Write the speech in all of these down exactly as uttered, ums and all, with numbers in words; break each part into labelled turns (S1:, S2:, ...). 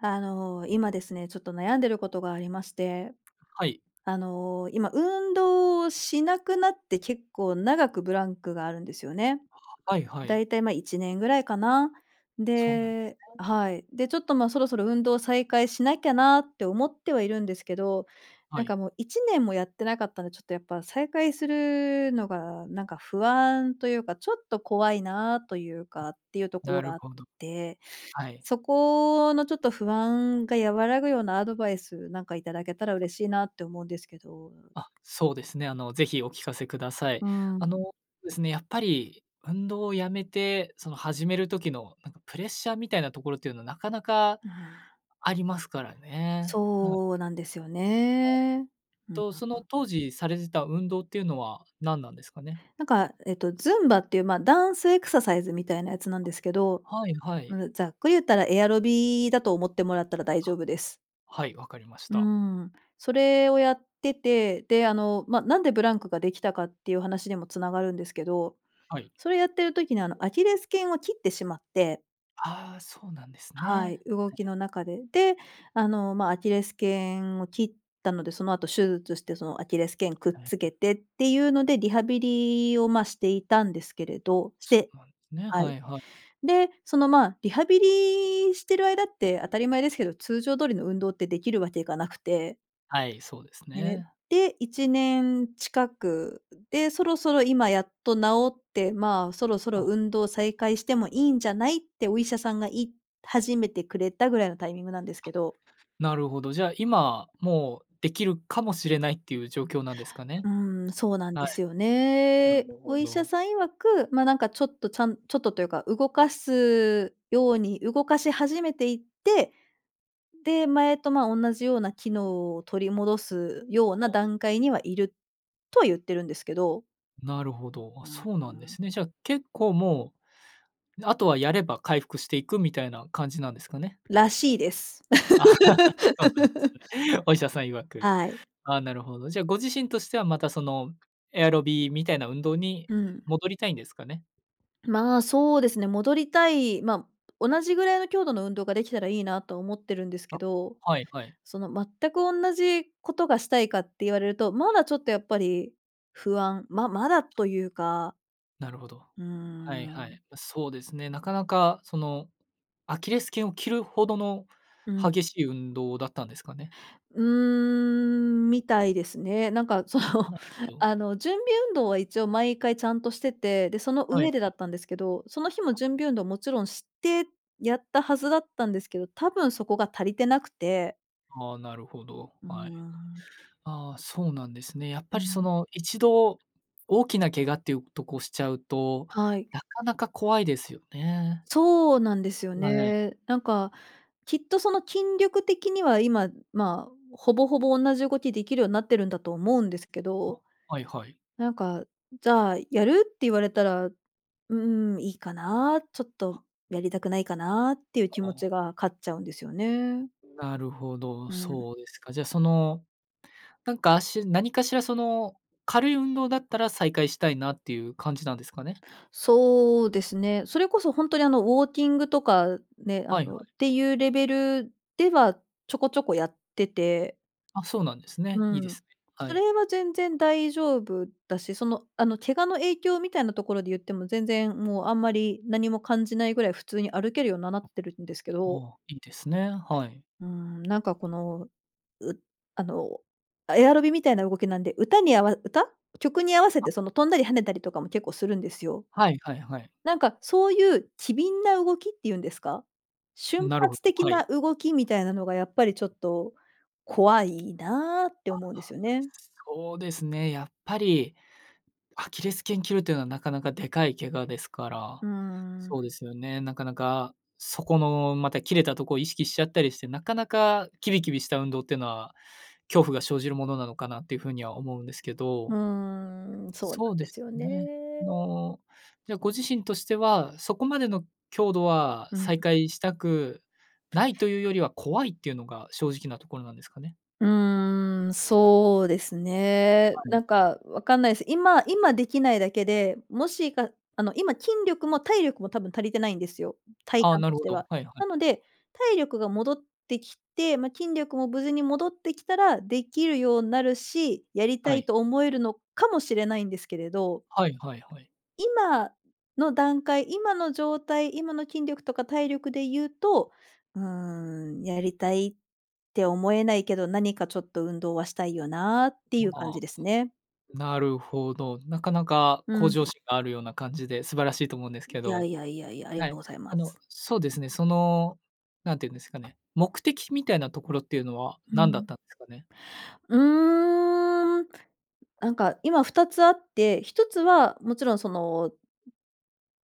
S1: あの、今ですね、ちょっと悩んでることがありまして、
S2: はい。
S1: あの、今、運動しなくなって結構長くブランクがあるんですよね。
S2: は、はいは
S1: だ
S2: い。
S1: いたい、ま、いちねんぐらいかな。
S2: そうなんです
S1: で
S2: ね。
S1: はい。で、ちょっと、ま、そろそろ運動再開しなきゃなって思ってはいるんですけど、
S2: は
S1: なん
S2: い。
S1: かもういちねんもやってなかったんで、ちょっとやっぱ再開するのがなんか不安というか、ちょっと怖いなというかっていうとこ
S2: な
S1: ろ
S2: る
S1: があっ
S2: ほど。
S1: て、
S2: はい。
S1: そこのちょっと不安が和らぐようなアドバイス、なんかいただけたら嬉しいなって思うんですけど。
S2: あ、そうですね、あの、ぜひお聞かせください。
S1: うーん。
S2: あのですね、やっぱり運動をやめて、その始める時のなんかプレッシャーみたいなところっていうのはなかなか
S1: うん。
S2: ありますからね。は
S1: そうなんですよ
S2: はい。
S1: ね。うん、
S2: と、
S1: は
S2: その
S1: は。
S2: 当時されてた運動っていうのは何なんですかね？
S1: なんかえっと、ズンバっていう、まあ、ダンスエクササイズみたいなやつなんですけど、
S2: はいはい。
S1: うん、ざっく、ゆったらエアロビだと思ってもらったら大丈
S2: あ。
S1: 夫です。
S2: はい、わかりまし
S1: う
S2: た。
S1: ーん、それをやってて、であの、ま、なんでブランクができたかっていう話にもつながるんですけど、
S2: はい。
S1: それやってる時にあの、アキレス腱を切ってしまって
S2: ああ、そうなんです
S1: はい、
S2: ね。
S1: 動
S2: は
S1: き
S2: い、は
S1: の中で。で、あの、まあ、アキレス腱を切ったので、その後手術してそのアキレス腱くっ
S2: あ、はい
S1: つ
S2: はい。
S1: けてっていうので、リハビリを、ま、していたんですけれ
S2: あ、
S1: ど、し
S2: そ
S1: て
S2: うなんですね。
S1: は
S2: は
S1: い。
S2: いはい。
S1: で、そのまあ、リハビリしてる間って当たり前ですけど、通常通りの運動ってできるわけがなくて。
S2: あ、はい、そうです
S1: ね、
S2: ね。
S1: で、いちねん近くで、そろそろ今やっと治って、まあ、そろそろ
S2: あ。
S1: 運動再開してもいいんじゃないってお医者さんが言い始めてくれたぐらいのタイミングなんですけ
S2: あ、
S1: ど。
S2: なるほど。じゃあ今、もうできるかもしれないっていう状況なんですかね？
S1: うん、そうなん
S2: はい。
S1: ですよ
S2: な
S1: ね。
S2: る
S1: お
S2: ほ
S1: 医者
S2: ど。
S1: さん曰く、ま、なんかちょっと、ちゃんちょっとというか、動かすように、動かし始めていって、で、前と、まあ、同じような機能を取り戻すよう
S2: あ
S1: な
S2: あ。
S1: 段階には、いる、とは言ってるんですけど。
S2: なるほど。あ、
S1: うん
S2: そうなんで
S1: うん。
S2: すね。じゃあ結構もう、あとはやれば回復していくみたいな感じなんですかね？
S1: らしいです。
S2: そうなんです ね。お医者さん曰く。
S1: はい。
S2: ああ、なるほど、じゃあご自身としてはまたその、エアロビみたいな運動に
S1: うん。
S2: 戻りたいんですかね？
S1: まあ、そうですね、戻りたい、ま、同じぐらいの強度の運動ができたらいいなと思ってるんです
S2: あ、
S1: けど、
S2: はいはい。
S1: その全く同じことがしたいかって言われると、まだちょっとやっぱり不安、ままだというか。
S2: なるほど。
S1: うー
S2: はいはい。
S1: ん。
S2: ま、そうですね。なかなかその、アキレス腱を切るほどの
S1: うん。
S2: 激しい運動だったんですかね？
S1: うーん、みたいですね。なんかその、
S2: うはんど。
S1: あの、準備運動は一応毎回ちゃんとしてて、でその
S2: はいは
S1: 上でだ
S2: い。
S1: ったんですけど、その日も
S2: あ。
S1: 準備運動もちろんして、やったはずだったんですけど、多分そこが足りてなくて。
S2: はあ、なるほど、
S1: う
S2: はい。
S1: わ。
S2: ああ、そうなんですね。やっ
S1: う
S2: ぱりそ
S1: ん。
S2: の、一度大きな怪我っていうとこをしちゃうと、
S1: はい。
S2: なかなか怖いですよね。
S1: そうなんですよ
S2: わ、ええ。
S1: ね。なんかきっとその、筋力的には今、まあ、ほぼほぼおんなじ動き出来るようになってるんだと思うんですけど、
S2: あ、はいはい。
S1: なんか「じゃあ、やる？」って言われたら「うーん、いいかな、ちょっとやりたくないかな」っていう気
S2: あ
S1: 持
S2: あ。
S1: ちが勝っちゃうんですよね。
S2: なるほど、
S1: うん。
S2: そうですか。じゃあその、なんかあし何かしら、その、軽い運動だったら、再開したいなっていう感じなんですかね？
S1: そうですね。それこそほんとにあの、ウォーキングとかね、あ
S2: はい、は
S1: の、っ
S2: い。
S1: ていうレベルでは、ちょこちょこやってて
S2: あ、そうなんです
S1: う
S2: ね。いいで
S1: ん、
S2: すね。は
S1: それ
S2: い。
S1: は全然大丈夫だし、その、あの、怪我の影響みたいなところでいっても全然もう、あんまり何も感じないぐらい普通に歩けるようななっ
S2: あ
S1: てるんですけど
S2: あ、いいですね、はい。
S1: うん、なんかこの、うあの、エアロビみたいな動きなんで、歌に合わ歌？曲に合わせ
S2: あ。
S1: てその、飛んだり跳ねたりとかも結構するんですよ。
S2: はい、はい、はい。
S1: なんか、そういう機敏な動きっていうんですか？瞬
S2: なるほど、
S1: 発的
S2: は
S1: な
S2: い。
S1: 動きみたいなのが、やっぱりちょっと「怖いな」って
S2: あ、は、
S1: 思うんですよね。
S2: そうですね、やっぱり、アキレス腱切るというのは、なかなかでかい怪我ですから、
S1: うー
S2: そう
S1: ん。
S2: ですよね、なかなか、そこのまた切れたとこ意識しちゃったりして、なかなかきびきびした運動ってのは、恐怖が生じるものなのかなっていう風には思うんですけ
S1: う
S2: ど。
S1: ーん、そうなん
S2: そう
S1: で
S2: で
S1: す
S2: す
S1: よね。
S2: ね、の、じゃあ、ご自身としては、そこまでの強度は
S1: うん。
S2: 再開したくないというよりは、怖いっていうのが正直なところなんですかね？
S1: うーん、そうですね、
S2: は
S1: な
S2: い。
S1: んかわかんないす。今今出来ないだけで、もしかあの、今、筋力も体力も多分足りてないんですよ、体
S2: ああ、
S1: 感
S2: な
S1: と
S2: る
S1: し
S2: ほ
S1: て
S2: ど、
S1: は。
S2: はいはい。
S1: なので、体力が戻ってきて、ま、筋力も無事に戻ってきたら出来るようなるし、やりた
S2: は
S1: い
S2: い。
S1: と思えるのかもしれないんですけれど、
S2: はいはいはい。
S1: 今の段階、今の状態、今の筋力とか体力で言うと、うーん、やりたいって思えないけど、何かちょっと運動はしたいよなってい
S2: ま
S1: う感じ
S2: あ。
S1: ですね。
S2: なるほど。なかなか
S1: う
S2: 向
S1: ん。
S2: 上心があるような感じで素晴らしいと思うんですけ
S1: いや
S2: ど、
S1: いやいやいや、あり
S2: は
S1: がとう
S2: い、
S1: ございま
S2: あの、
S1: す。
S2: そうですね、その、何て言うんですかね、目的みたいなところっていうのは
S1: う
S2: 何だっ
S1: ん。
S2: たんですかね？
S1: うーん、あんか、今ふたつあって、一つはもちろんその、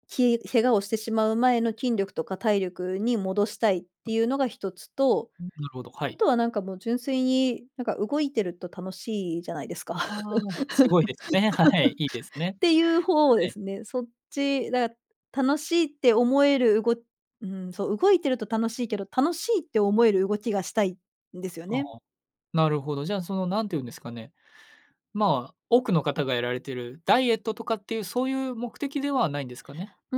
S1: き怪我をしてしまう前の筋力とか体力に戻したいっていうのが一つと、
S2: うん、なるほど、は
S1: あ
S2: い。
S1: とは、なんかもう純粋に、なんか動いてると楽しいじゃないですか？っ
S2: ああ、すごいですね、はい、いいですね。
S1: ていうほう
S2: は
S1: で
S2: い。
S1: すね。そっち、だから、楽しいって思えるうごうん、そう、動いてると楽しいけど、楽しいって思える動きがしたいんですよ
S2: ああ、
S1: ね。
S2: なるほど、じゃあ、その何て言うんですかね、まあ、多くの方がやられてる、ダイエットとかっていう、そういう目的ではないんですかね？
S1: う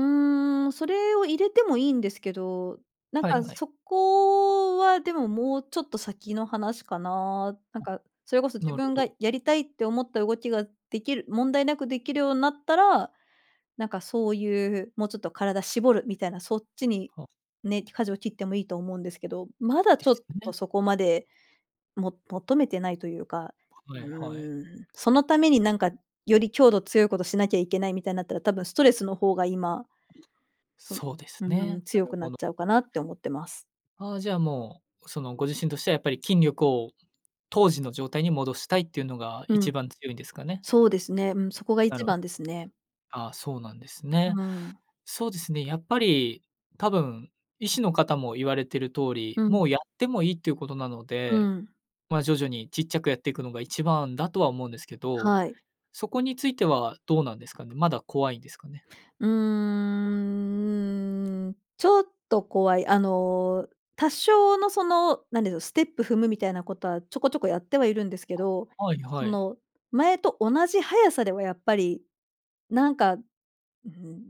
S1: ーん、それを入れてもいいんですけど、なん
S2: はい
S1: か
S2: はい。
S1: そこは、でも、もうちょっと先の話かな？なんかそれこそ自
S2: なるほ
S1: 分が
S2: ど。
S1: やりたいって思った動きが出来る問題なく出来るようなったら、なんかそういう、もうちょっと体絞るみたいな、そっちに
S2: は。
S1: ね、舵を切ってもいいと思うんですけど、ま
S2: い
S1: だ
S2: いで
S1: ちょっ
S2: すよ
S1: と、
S2: ね。
S1: そこまで、も求めてないというか、う
S2: はい、はい。
S1: ーん、そのためになんかより強度、強いことしなきゃいけないみたいなったら、多分ストレスの方が今、そ
S2: そうです
S1: う
S2: ね、
S1: ん、
S2: な
S1: 強
S2: る
S1: くな
S2: ほ
S1: っ
S2: ど。
S1: ちゃうかなって思ってます。
S2: ああ、じゃあ、もう、その、ご自身としてはやっぱり筋力を当時の状態に戻したいっていうのが
S1: うん。
S2: 一番強いんですかね？
S1: そうですね。うん、そこが
S2: な
S1: 一
S2: るほ
S1: 番ですね。
S2: ああ、そうなんですね。
S1: うん。
S2: そうですね、やっぱり、多分、医師のかたも言われてる通
S1: う
S2: り、
S1: ん。
S2: もうやってもいいっていうことなの
S1: う
S2: で、
S1: ん。
S2: ま、徐々にちっちゃくやっていくのが一番だとは思うんですけど、
S1: はい。
S2: そこについてはどうなんですかね、まだ怖いんですかね？
S1: うーん、ちょっと怖い。あの、多少のその、なんでど、ステップ踏むみたいなことは、ちょこちょこやってはいるんですけど、
S2: はい、
S1: そ
S2: はい。
S1: の、前と同じ速さではやっぱり、なんかうん、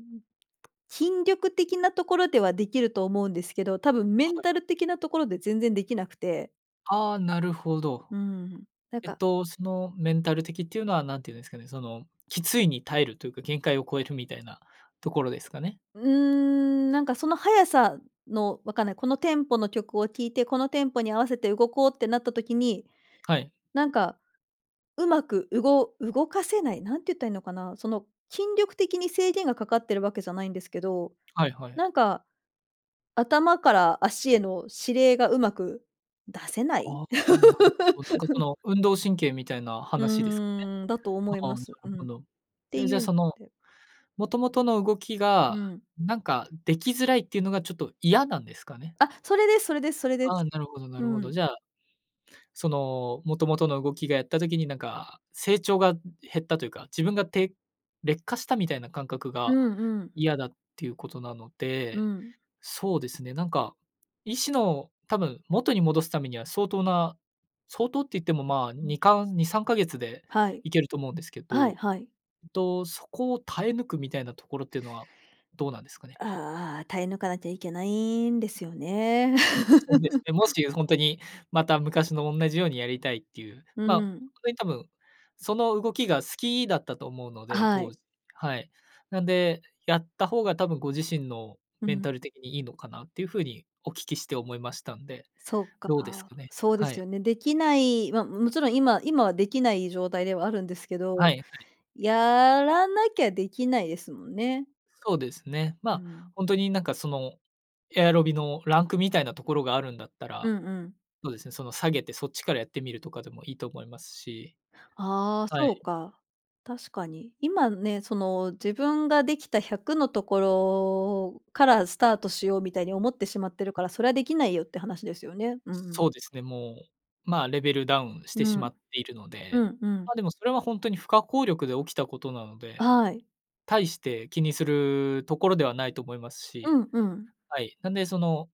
S1: 筋力的なところでは出来ると思うんですけど、多分メ
S2: は
S1: ン
S2: い。
S1: タル的なところで全然出来なくて
S2: ああ、なるほど。
S1: うん、なん
S2: えっ
S1: か
S2: と、その、メンタル的っていうのは何て言うんですかね。そのきついに耐えるというか、限界を超えるみたいなところですかね？
S1: うーん、なんかその速さの分かんない、このテンポの曲を聴いて、このテンポに合わせて動こうってなった時に、
S2: はい。
S1: なんか、うまくうご動かせない、なんて言ったらいいのかな、その筋力的に制限がかかってるわけじゃないんですけど、
S2: はいはい。
S1: なんか、頭から足への指令がうまく出せない？
S2: ああ、なるほど。の運動神経みたいな話ですかね？
S1: うーん、だと思い
S2: ああ、
S1: ま
S2: なる
S1: す。うん。
S2: ほ
S1: っ
S2: ど。
S1: て
S2: ええ、
S1: い
S2: じゃあ
S1: う、
S2: その、もともとの動き
S1: う
S2: が、
S1: ん。
S2: なんか出来づらいっていうのがちょっと嫌なんですかね？
S1: あ、それですそれですそれで
S2: ああ、
S1: す。
S2: なるほどな
S1: う
S2: るほど。
S1: ん。
S2: じゃあ、その、もともとの動きがやった時になんか成長が減ったというか、自分がて劣化したみたいな感覚
S1: う
S2: が
S1: んうん。
S2: 嫌だっていうことなの
S1: う
S2: で、
S1: ん。
S2: そうですね、なんか意思の多分元に戻すためには相当な、相当って言ってもまあ、
S1: うん。
S2: にかんにさんかげつで
S1: はい。
S2: いけると思うんですけ
S1: はい
S2: ど、
S1: はい。
S2: と、そこを耐え抜くみたいなところっていうのはどうなんですかね？
S1: ああ、耐え抜かなきゃいけないんですよね。
S2: そうです ね、もしほんとに、また昔のおんなじようにやりたいっていう、
S1: う
S2: まあ、こ
S1: ん。
S2: れ多分、その動きが好きだったと思うの
S1: あ、
S2: で、
S1: は
S2: 当
S1: い。
S2: 時、はい。なんで、やった方が多分ご自身の
S1: う
S2: メン
S1: ん。
S2: タル的にいいのかなっていう風に、お聞きして思いましたんで、
S1: そっか、
S2: どうですかね？
S1: そうで
S2: は
S1: す
S2: い。
S1: よね。出来ないまあもちろん今今は出来ない状態ではあるんですけ
S2: は
S1: ど、
S2: いはい。
S1: やらなきゃ出来ないですもんね。
S2: そうですね。ま
S1: う
S2: あ、
S1: ん。
S2: ほんとに、なんかその、エアロビのランクみたいなところがあるんだった
S1: う
S2: ら、
S1: んうん。
S2: そうですね、その下げてそっちからやってみるとかでもいいと思いますし。
S1: ああ、
S2: は
S1: そう
S2: い。
S1: か。確かに。今ね、その自分ができたひゃくのところからスタートしようみたいに思ってしまってるから、それは出来ないよって話ですよね。うん。
S2: そうですね、もう、まあレベルダウンして
S1: う
S2: しま
S1: ん。
S2: っているの
S1: う
S2: で、
S1: んうん。
S2: まあでも、それはほんとに不可抗力で起きたことなので、
S1: あ、はい。
S2: 大して気にするところではないと思います
S1: う
S2: し、
S1: んうん。
S2: はい、なんでその、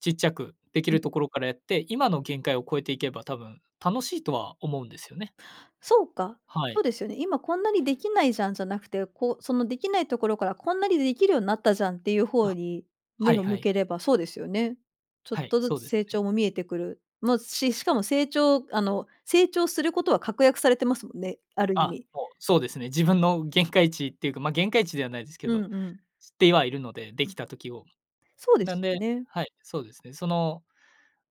S2: ちっちゃく出来
S1: う
S2: る
S1: ん。
S2: ところからやって、今の限界を超えていけば、多分楽しいとは思うんですよね。
S1: そうか、
S2: は
S1: そう
S2: い。
S1: ですよね。今こんなに出来ないじゃんじゃなくて、こう、その出来ないところからこんなに出来るようになったじゃんっていう方
S2: あ、
S1: に、
S2: は
S1: 目
S2: い
S1: を
S2: は
S1: 向
S2: い。
S1: ければそうですよね。ちょっ
S2: はい、
S1: とず
S2: そう
S1: つ
S2: です
S1: 成
S2: ね。
S1: 長も見えてくる。のししかも成長あの成長することは確約されてますもんね、ある意
S2: あ、
S1: 味。
S2: もうそうですね。自分の限界値っていうか、まあ、限界値ではないですけ
S1: う
S2: ど、
S1: んうん。
S2: 知ってはいるので、出
S1: う
S2: 来
S1: ん。
S2: た時を。
S1: そうで
S2: なん
S1: すよ
S2: で
S1: ね。
S2: はい、そうですね。その、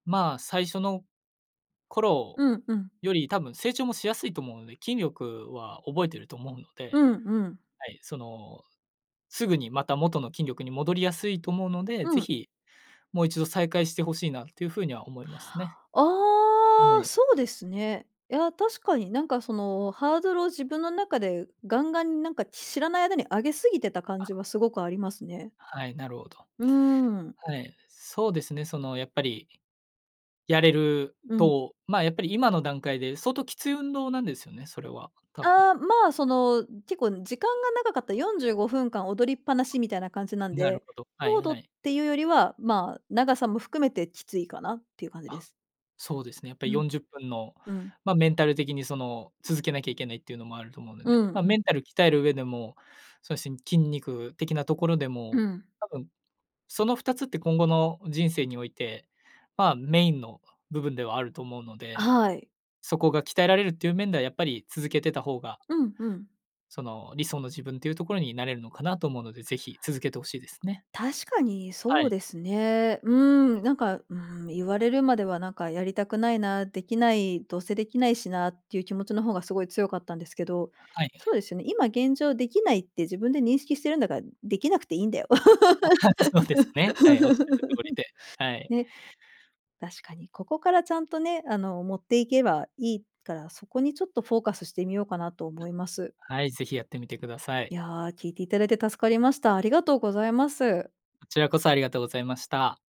S2: まあ最初の頃
S1: うんうん。
S2: より多分成長もしやすいと思うので、筋力は覚えてると思うの
S1: う
S2: で、
S1: んうん。
S2: はい、そのすぐにまた元の筋力に戻りやすいと思うので、
S1: う
S2: ぜ
S1: ん。
S2: ひもう一度再開して欲しいなっていう風には思いますね。
S1: ああ。そうですね。いや、確かになんか、そのハードルを自分の中でガンガンに、なんか知らない間に上げ過ぎてた感
S2: あ。
S1: じはすごくありますね。
S2: はい、なるほど。
S1: うん。
S2: はい、そうですね、そのやっぱり、やれる
S1: うん。
S2: と、まあやっぱり今の段階で相当きつい運動なんですよね、それは多分。
S1: ああ、まあ、その、結構時間が長かった、よんじゅうごふんかん踊りっぱなしみたいな感じなん
S2: なる
S1: で、
S2: ほど、はい
S1: 強度
S2: は
S1: っ
S2: い。
S1: ていうよりは、まあ、長さも含めてきついかなっていう感じで
S2: あ、
S1: す。
S2: そうですね。やっぱり
S1: うん。
S2: よんじゅっぷんの、
S1: うん。
S2: まあメンタル的にその、続けなきゃいけないっていうのもあると思うんで
S1: う
S2: ね、
S1: ん、
S2: まあ
S1: ん。
S2: メンタル鍛える上でも、そのしん筋肉的なところで
S1: う
S2: も、
S1: ん。
S2: 多分そのふたつって今後の人生において、まあメインの部分ではあると思うの
S1: あ、
S2: で、
S1: はい。
S2: そこが鍛えられるっていう面では、やっぱり続けてた方が
S1: うんうん。
S2: その理想の自分というところになれるのかなと思うので、ぜひ続けて欲しいですね。
S1: 確かに
S2: は
S1: そう
S2: い。
S1: ですね。うーん、なんか、うーん、言われるまではなんかやりたくないな、出来ないどうせ出来ないしなっていう気持ちの方がすごい強かったんですけど、
S2: はいは
S1: そう
S2: い。
S1: ですよね、今現状出来ないって自分で認識してるんだから、出来なくていいんだよ。
S2: あ、そうですね。はい、仰る通りで、はい。
S1: ね、確かに、ここからちゃんとね、あの持っていけばいいから、そこにちょっとフォーカスしてみようかなと思います。
S2: はい、ぜひやってみてください。
S1: いや、聞いていただいて助かりました。ありがとうございます。
S2: こちらこそありがとうございました。